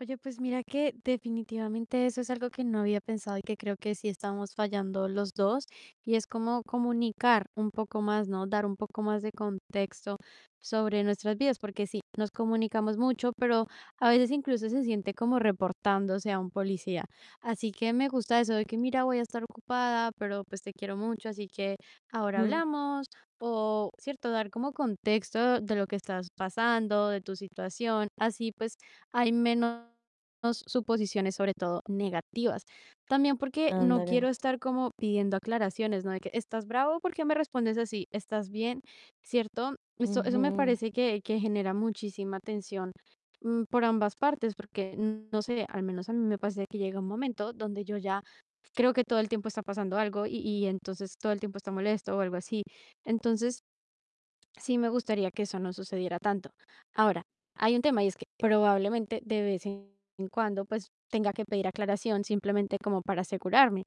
Oye, pues mira que, definitivamente, eso es algo que no había pensado y que creo que sí estamos fallando los dos, y es como comunicar un poco más, ¿no? Dar un poco más de contexto sobre nuestras vidas, porque sí, nos comunicamos mucho, pero a veces incluso se siente como reportándose a un policía. Así que me gusta eso de que mira, voy a estar ocupada, pero pues te quiero mucho, así que ahora Ujú. hablamos. O cierto, dar como contexto de lo que estás pasando, de tu situación. Así pues hay menos suposiciones, sobre todo negativas. También porque no quiero Ándale. estar como pidiendo aclaraciones, ¿no? De que, ¿estás bravo? ¿Por qué me respondes así? ¿Estás bien? ¿Cierto? Eso eso me Ujú. parece que que genera muchísima tensión, mm, por ambas partes, porque no sé, al menos a mí me pasa de que llega un momento donde yo ya creo que todo el tiempo está pasando algo, y y entonces todo el tiempo está molesto o algo así. Entonces, sí me gustaría que eso no sucediera tanto. Ahora, hay un tema y es que probablemente de vez en cuando, pues tenga que pedir aclaración simplemente como para asegurarme.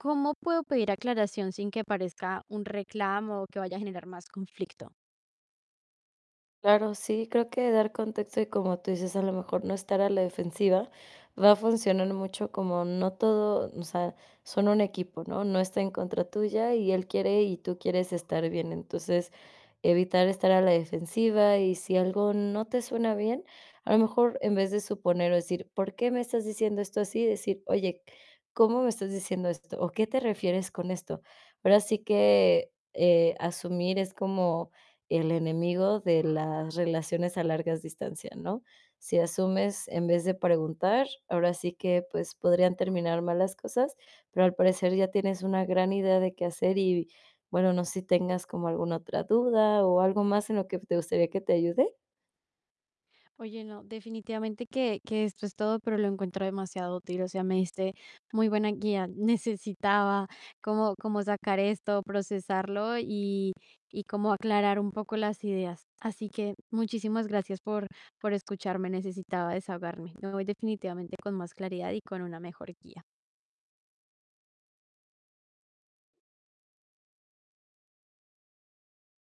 ¿Cómo puedo pedir aclaración sin que parezca un reclamo o que vaya a generar más conflicto? Claro, sí, creo que dar contexto y como tú dices, a lo mejor no estar a la defensiva va a funcionar mucho como no todo o sea, son un equipo, ¿no? No está en contra tuya, y él quiere y tú quieres estar bien. Entonces, evitar estar a la defensiva y si algo no te suena bien, a lo mejor en vez de suponer o decir: "¿Por qué me estás diciendo esto así?" Decir: "Oye, ¿cómo me estás diciendo esto? ¿O qué te refieres con esto?". Ahora sí que, eh, asumir es como el enemigo de las relaciones a largas distancias, ¿no? Si asumes en vez de preguntar, ahora sí que, pues, podrían terminar mal las cosas, pero al parecer ya tienes una gran idea de qué hacer y bueno, no sé si tengas como alguna otra duda o algo más en lo que te gustaría que te ayude. Oye, no, definitivamente que que esto es todo, pero lo encuentro demasiado útil. O sea, me diste muy buena guía. Necesitaba cómo cómo sacar esto, procesarlo y y cómo aclarar un poco las ideas. Así que muchísimas gracias por por escucharme. Necesitaba desahogarme. Me voy definitivamente con más claridad y con una mejor guía.